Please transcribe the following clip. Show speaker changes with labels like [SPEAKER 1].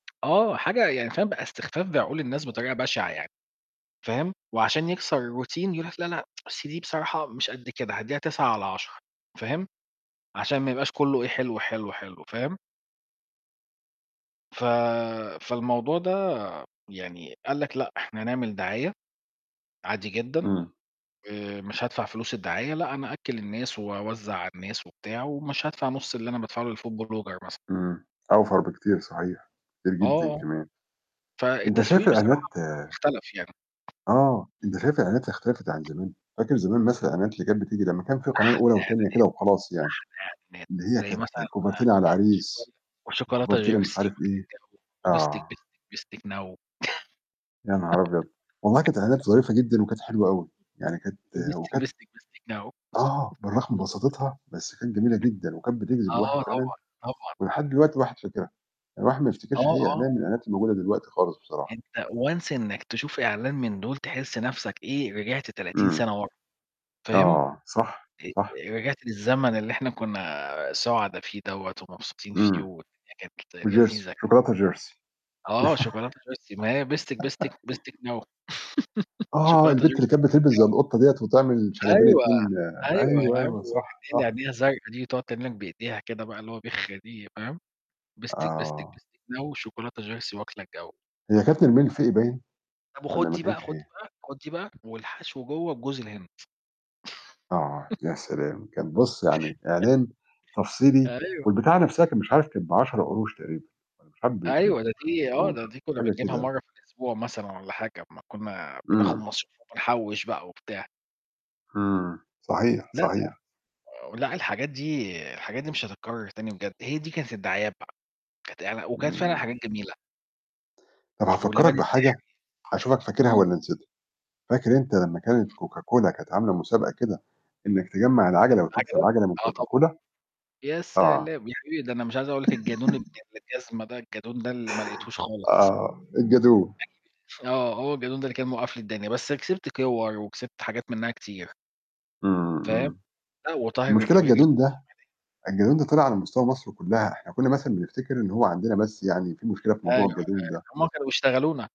[SPEAKER 1] آه، حاجة يعني فاهم بقى استخفاف بعقول الناس بطريقة بشعة يعني. فاهم، وعشان يكسر الroutine يقول لك: "لا، لأ، أصل دي بصراحة مش قد كده، هادّيها 9 على 10." فاهم، عشان ما يبقاش كله إيه؟ حلو، حلو، حلو، فاهم؟ ف فالموضوع ده يعني قال لك: "لأ، إحنا هنعمل دعاية، عادي جدًا،
[SPEAKER 2] امم.
[SPEAKER 1] آآ، مش هادفع فلوس الدعاية، لأ أنا أأكل الناس، وأوزع على الناس وبتاع، ومش هادفع نص اللي أنا بادفعه للfood blogger مثلًا."
[SPEAKER 2] امم. أوْفَر بكتير صحيح. كتير جدًا
[SPEAKER 1] آه، آه.
[SPEAKER 2] كمان. أنت شايف
[SPEAKER 1] فالتسويق
[SPEAKER 2] الإعلانات
[SPEAKER 1] بصراحة بقى اختلف يعني.
[SPEAKER 2] آه، أنت شايف الإعلانات اختلفت عن زمان؟ فاكر زمان مثلًا الإعلانات اللي كانت بتيجي لمّا كان فيه القناة
[SPEAKER 1] أحلى
[SPEAKER 2] الأولى والتانية كده وخلاص يعني.
[SPEAKER 1] إعلانات،
[SPEAKER 2] اللي هي
[SPEAKER 1] أحلى إعلانات، زي
[SPEAKER 2] كانت
[SPEAKER 1] مثلًا،
[SPEAKER 2] كوفرتينا على
[SPEAKER 1] شوكولا
[SPEAKER 2] العريس،
[SPEAKER 1] وشوكولاتة
[SPEAKER 2] كوفرتينا مش
[SPEAKER 1] جيرسي
[SPEAKER 2] عارف
[SPEAKER 1] واكلة
[SPEAKER 2] إيه،
[SPEAKER 1] الجو، وبستك
[SPEAKER 2] آه.
[SPEAKER 1] بستك بستك نووو
[SPEAKER 2] يا نهار أبيض! والله كانت إعلانات ظريفة جدًا وكانت حلوة أوي. يعني كانت
[SPEAKER 1] وبستك
[SPEAKER 2] وكانت
[SPEAKER 1] بستك بستك نووو
[SPEAKER 2] آه، بالرغم من بساطتها بس كانت جميلة جدًا، وكانت بتجذب الواحد
[SPEAKER 1] آه،
[SPEAKER 2] فعلًا.
[SPEAKER 1] طبعًا طبعًا.
[SPEAKER 2] ولحد دلوقتي الواحد فاكرها. يعني الواحد ما بيفتكرش
[SPEAKER 1] آه،
[SPEAKER 2] أي
[SPEAKER 1] آه.
[SPEAKER 2] إعلان من الإعلانات اللي موجودة دلوقتي خالص بصراحة.
[SPEAKER 1] أنت once إنك تشوف إعلان من دول تحس نفسك إيه، رجعت 30
[SPEAKER 2] امم.
[SPEAKER 1] سنة ورا، فاهم؟
[SPEAKER 2] آه، صح،
[SPEAKER 1] أ
[SPEAKER 2] صح.
[SPEAKER 1] رجعت للزمن اللي إحنا كنا سعدا فيه دَوّة ومبسوطين فيه،
[SPEAKER 2] امم.
[SPEAKER 1] والدنيا كانت
[SPEAKER 2] وجيرسي
[SPEAKER 1] لذيذة كده.
[SPEAKER 2] شوكولاتة جيرسي.
[SPEAKER 1] آه شوكولاتة جيرسي ماهي بستك بستك بستك نووو
[SPEAKER 2] آه،
[SPEAKER 1] شوكولاتة
[SPEAKER 2] البت اللي
[SPEAKER 1] جيرسي
[SPEAKER 2] كانت
[SPEAKER 1] واكلة
[SPEAKER 2] بتلبس زي
[SPEAKER 1] الجو.
[SPEAKER 2] القطة دِيَّة وتعمل شنبين
[SPEAKER 1] أيوة،
[SPEAKER 2] اتنين
[SPEAKER 1] أيوة يا
[SPEAKER 2] أيوه،
[SPEAKER 1] عم،
[SPEAKER 2] أيوه،
[SPEAKER 1] و [unintelligible]
[SPEAKER 2] صح،
[SPEAKER 1] اللي
[SPEAKER 2] صح.
[SPEAKER 1] عينيها زرقا دي، تقعد تعمل لك بإيديها كده، بقى اللي هو بِخ دي، فاهم، بستك بستك
[SPEAKER 2] آه.
[SPEAKER 1] بستك نووو شوكولاتة جيرسي واكلة الجو.
[SPEAKER 2] هي كانت نرمين الفقي باين؟
[SPEAKER 1] طب
[SPEAKER 2] والّا
[SPEAKER 1] وخد
[SPEAKER 2] ما
[SPEAKER 1] دي بقى
[SPEAKER 2] كانتش
[SPEAKER 1] خد
[SPEAKER 2] هي؟
[SPEAKER 1] دي بقى خد دي بقى، والحشو جوا بجوز الهند.
[SPEAKER 2] آه، يا سلام! كان بُص يعني إعلان تفصيلي،
[SPEAKER 1] أيوة.
[SPEAKER 2] والبتاعة نفسها كان مش عارف كان ب10 قروش تقريبًا، والّا مش عارف ب ب
[SPEAKER 1] أيوة، ده
[SPEAKER 2] ب5
[SPEAKER 1] دي آه،
[SPEAKER 2] قروش،
[SPEAKER 1] ده دي كنا
[SPEAKER 2] حاجة
[SPEAKER 1] بنجيبها
[SPEAKER 2] كده.
[SPEAKER 1] مرة في الأسبوع مثلًا والّا حاجة، أما كنا بناخد
[SPEAKER 2] امم.
[SPEAKER 1] مصروف وبنحوش بقى وبتاع.
[SPEAKER 2] امم، صحيح،
[SPEAKER 1] لأ، لأ.
[SPEAKER 2] صحيح.
[SPEAKER 1] آآ و لأ الحاجات دي الحاجات دي مش هتتكرر تاني بجد، هي دي كانت الدعايات بقى، كانت إعل وكانت فعلًا
[SPEAKER 2] امم.
[SPEAKER 1] حاجات جميلة.
[SPEAKER 2] طب هافكّرك
[SPEAKER 1] واللبان
[SPEAKER 2] بحاجة،
[SPEAKER 1] السحري.
[SPEAKER 2] هاشوفك فاكرها
[SPEAKER 1] امم.
[SPEAKER 2] والّا نسيتها. فاكر أنت لمّا كانت
[SPEAKER 1] امم.
[SPEAKER 2] Coca Cola كانت عاملة مسابقة كده إنك تجمّع
[SPEAKER 1] أ
[SPEAKER 2] العًجلة وتكسب
[SPEAKER 1] عجبك؟
[SPEAKER 2] عجلة من
[SPEAKER 1] آه،
[SPEAKER 2] Coca
[SPEAKER 1] طبعًا.
[SPEAKER 2] Cola؟
[SPEAKER 1] يا
[SPEAKER 2] آه.
[SPEAKER 1] سلام! يا حبيبي، ده أنا مش عايز أقول لك الجَدون ابن الجزمة ده الجَدون ده اللي ما لقيتهوش خالص.
[SPEAKER 2] آه، الجَدون.
[SPEAKER 1] [unintelligible] آه هو الجَدون ده اللي كان موقَّف لي الدنيا، بس كسبت كور، وكسبت حاجات منها كتير.
[SPEAKER 2] امم،
[SPEAKER 1] فاهم،
[SPEAKER 2] امم.
[SPEAKER 1] آه، وطاهر
[SPEAKER 2] المشكلة
[SPEAKER 1] القويلي
[SPEAKER 2] الجَدون
[SPEAKER 1] بتاع
[SPEAKER 2] ده
[SPEAKER 1] [unintelligible]
[SPEAKER 2] الجَدون ده طلع على مستوى مصر كلها. إحنا كنا مثلًا بنفتكر إن هو عندنا بس يعني فيه مشكلة في
[SPEAKER 1] أيوة،
[SPEAKER 2] موضوع
[SPEAKER 1] أيوة،
[SPEAKER 2] الجَدون ده.
[SPEAKER 1] هم كانوا بيشتغلونا.